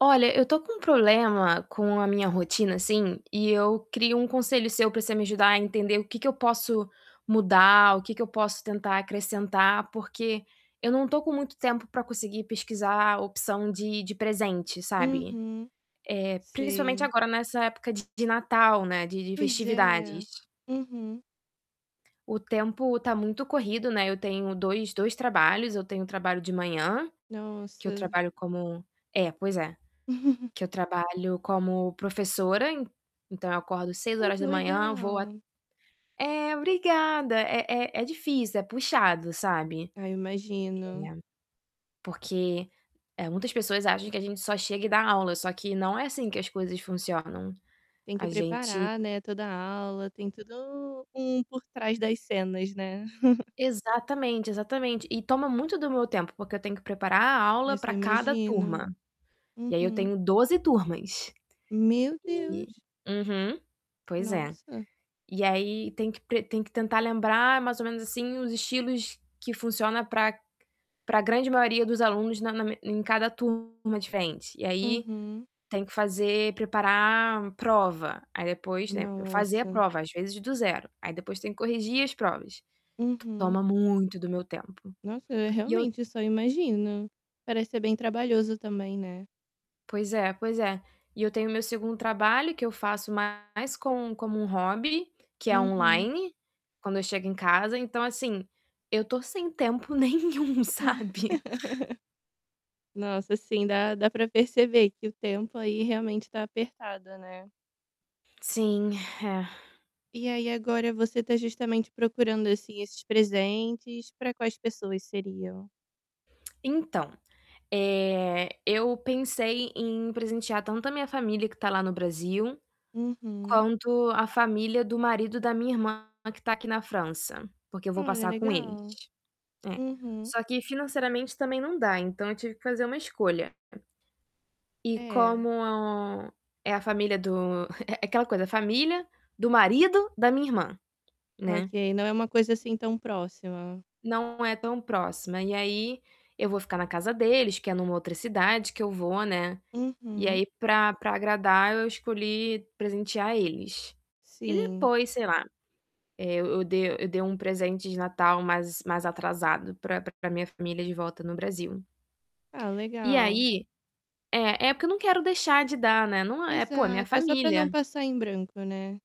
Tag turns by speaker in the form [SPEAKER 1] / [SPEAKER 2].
[SPEAKER 1] Olha, eu tô com um problema com a minha rotina, assim, e eu queria um conselho seu pra você me ajudar a entender o que que eu posso mudar, o que que eu posso tentar acrescentar, porque eu não tô com muito tempo pra conseguir pesquisar a opção de de presente, sabe,
[SPEAKER 2] Uhum,
[SPEAKER 1] eh, principalmente
[SPEAKER 2] sei.
[SPEAKER 1] agora nessa época de Natal, né, de de
[SPEAKER 2] Pois é,
[SPEAKER 1] festividades.
[SPEAKER 2] uhum.
[SPEAKER 1] O tempo tá muito corrido, né, eu tenho dois dois trabalhos, eu tenho trabalho de manhã, que eu
[SPEAKER 2] Nossa.
[SPEAKER 1] trabalho como é, pois é, que eu trabalho como professora, então, eu acordo seis
[SPEAKER 2] Ai,
[SPEAKER 1] horas
[SPEAKER 2] que
[SPEAKER 1] da manhã vou a
[SPEAKER 2] legal.
[SPEAKER 1] é, obrigada é é é difícil, é puxado, sabe
[SPEAKER 2] Ah, eu imagino.
[SPEAKER 1] é, porque muitas pessoas acham que a gente só chega e dá aula só que não é assim que as coisas funcionam,
[SPEAKER 2] Tem que
[SPEAKER 1] a gente
[SPEAKER 2] preparar, né, toda a aula, tem todo um por trás das cenas, né?
[SPEAKER 1] Exatamente, exatamente e toma muito do meu tempo, porque eu tenho que preparar a aula
[SPEAKER 2] Nossa, eu
[SPEAKER 1] pra cada
[SPEAKER 2] imagino.
[SPEAKER 1] turma, e aí eu
[SPEAKER 2] Uhum.
[SPEAKER 1] tenho 12 turmas,
[SPEAKER 2] Meu
[SPEAKER 1] e
[SPEAKER 2] Deus!
[SPEAKER 1] uhum, pois é.
[SPEAKER 2] Nossa.
[SPEAKER 1] E aí tem que pre tem que tentar lembrar mais ou menos assim os estilos que funciona pra pra grande maioria dos alunos na na em cada turma diferente e aí,
[SPEAKER 2] Uhum.
[SPEAKER 1] tem que fazer preparar prova, aí depois, né, fazer a
[SPEAKER 2] Nossa!
[SPEAKER 1] prova, às vezes, do zero, aí depois tem que corrigir as provas.
[SPEAKER 2] Uhum.
[SPEAKER 1] Toma muito do meu tempo
[SPEAKER 2] Nossa, eu
[SPEAKER 1] e eu
[SPEAKER 2] realmente eu só imagino, parece ser bem trabalhoso, também, né?
[SPEAKER 1] Pois é, pois é, e eu tenho o meu segundo trabalho que eu faço mais como como um hobby, que é
[SPEAKER 2] Uhum.
[SPEAKER 1] online, quando eu chego em casa, então, assim, eu tô sem tempo nenhum, sabe?
[SPEAKER 2] Nossa, assim, dá dá pra perceber que o tempo aí, realmente tá apertado, né?
[SPEAKER 1] Sim, é.
[SPEAKER 2] E aí agora você tá justamente procurando, assim, esses presentes, pra quais pessoas seriam?
[SPEAKER 1] Então, eh, eu pensei em presentear tanto a minha família que tá lá no Brasil,
[SPEAKER 2] Uhum.
[SPEAKER 1] quanto a família do marido da minha irmã que tá aqui na França, porque eu vou
[SPEAKER 2] Olha,
[SPEAKER 1] passar com eles,
[SPEAKER 2] legal.
[SPEAKER 1] é.
[SPEAKER 2] Uhum.
[SPEAKER 1] Só que financeiramente, também, não dá, então, eu tive que fazer uma escolha e
[SPEAKER 2] É.
[SPEAKER 1] como é a família do é é aquela coisa família do marido da minha irmã, né.
[SPEAKER 2] Ok, não é uma coisa, assim, tão próxima.
[SPEAKER 1] Não é tão próxima e aí, eu vou ficar na casa deles que é numa outra cidade que eu vou, né, e
[SPEAKER 2] Uhum.
[SPEAKER 1] aí pra pra agradar eu escolhi presentear eles. E
[SPEAKER 2] Sim.
[SPEAKER 1] depois sei lá, eh, eu de eu dei um presente de Natal mais mais atrasado pra pra minha família de volta no Brasil.
[SPEAKER 2] Ah,
[SPEAKER 1] E aí
[SPEAKER 2] legal.
[SPEAKER 1] é é, porque eu não quero deixar de dar, né, não é pô, é minha
[SPEAKER 2] Exato, é só pra não
[SPEAKER 1] família.
[SPEAKER 2] passar em branco, né?